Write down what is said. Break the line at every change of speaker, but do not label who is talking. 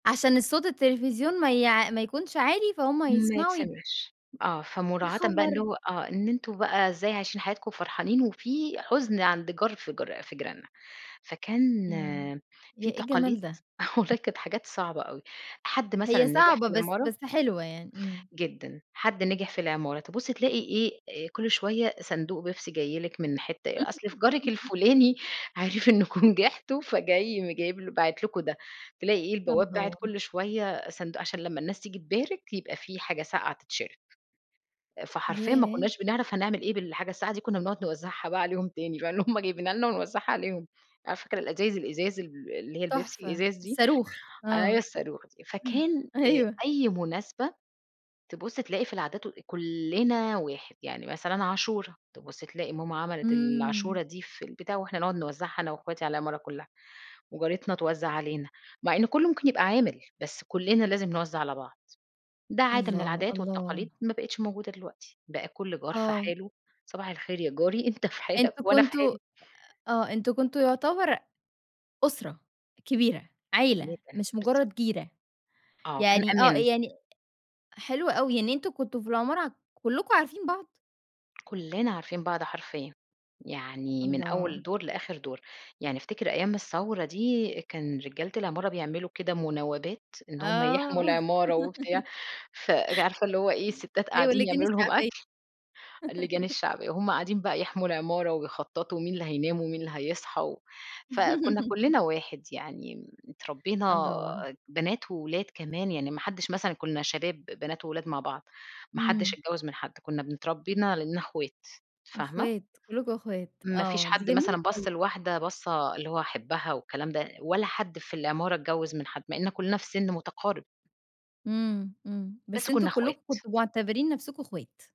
عشان الصوت التلفزيون ما يع ما يكونش عالي فهُم
ما
هيسمعوا ي
يتسمعش آه
يا
فمراعاةً بقى إن
خبر!
هو آه إن أنتم بقى إزاي عايشين حياتكم، وفرحانين وفي حزن عند جار في جر في جيراننا. فكان
ياه! ي
في
إيه الجمال
تقاليد
ده!
آه والله كانت حاجات صعبة أوي. حد مثلًا
هي
نجح
صعبة
في
بس
العمارة
بس حلوة يعني امم.
جدًا حَد نجح في العمارة، تبُصّي تلاقي إيه آآ كل شويّة صندوق بيبسي جاي لِك من حتّة أ أصل ف جارك الفُلاني عرِف إنّكم نجحتم فجاي م جايبلو باعِت لكم ده. تلاقي إيه البواب باعِت
الله!
كل شويّة صندوق، عشان لمّا الناس تيجي تبارك، يبقى في حاجة ساقعة تتشرب. فحرفيًا ما
ياه!
كُنّاش بنعرف هنعمل إيه بالحاجة الساقعة دي كنّا بنقعد نوزّعها بقى عليهم تاني فاللي هُم جايبينها لنا ونوزّعها عليهم. أ فاكرة الأزايز الإزاز ال اللي هي البيبسي
تحفة.
الإزاز دي،
الصاروخ
أيوه
آه،
الصاروخ دي فكان آآ
أيوه
أي مُناسبة تبُصّي تلاقي في العادات وال أ كُلّنا واحد يعني مثلًا، عاشورا تبُصّي تلاقي ماما عملِت ال
إمم.
عاشورا دي في البتاع وإحنا نقعد نوزّعها أنا واخواتي على العمارة كُلّها. وجارتنا توزّع عَلينا، مع إن كُلّه مُمكن يبقى عامل بس كُلّنا لازم نوزّع على بعض. ده عادة من
الله
العادات
الله.
والتقاليد، ما بقتش موجودة دلوقتي. بقى كل جار في
آه.
حاله، صباح الخير يا جاري أنت في حالك
أنتم
وأنا في
كنتم أ
حالي.
آه، أنتم كنتم يُعتَبَرأ أُسرة، كبيرة،
[unintelligible]
عيلة، مش
بالضب
مجرّد جيرة.
آه، كان
يعني آه
أمان.
يعني حلو أوي يعني أنتم كنتم في العمارة ع كلكم عارفين بعض؟
كُلّنا عارفين بعض حرفيًا، يعني من
الله!
أول دور، لآخر دور. يعني أفتكر أيام الثورة دي، كان رجالة العمارة بيعملوا كده مناوبات إن هُم يحموا
آه
العمارة وبتاع، ف ج عارفة اللي هو إيه الستات
أيوه
قاعدين
اللجان
يعملوا لهم
الشعبية
أكل اللجان الشعبية وهُم قاعدين بقى يحموا العمارة، وبيخططوا. ومين اللي هينام، ومين اللي هيصحى و فكُنّا كُلّنا واحد. يعني م اتربينا
الله!
بنات وولاد كمان يعني، ما حدّش مثلًا، كُنّا شباب بنات وولاد مع بعض، ما حدّش
امم.
اتجوّز من حد، كنّا بن اتربّينا على أننا اخوات فاهمة؟
أخوات كُلكُم أخوات.
ما فيش
آه، دي
حد
جميلة
مثلًا بَص
أوي.
لواحدة بصّة اللي هو هاحِبها والكلام ده ولا حد في العمارة اتجوّز من حد، مع إننا كُلّنا في سن مُتقارب.
إمم إمم،
بس
بس أنتم
كُنّا
كلكم
اخوات.
كنتم مُعتبرين نفسكم اخوات.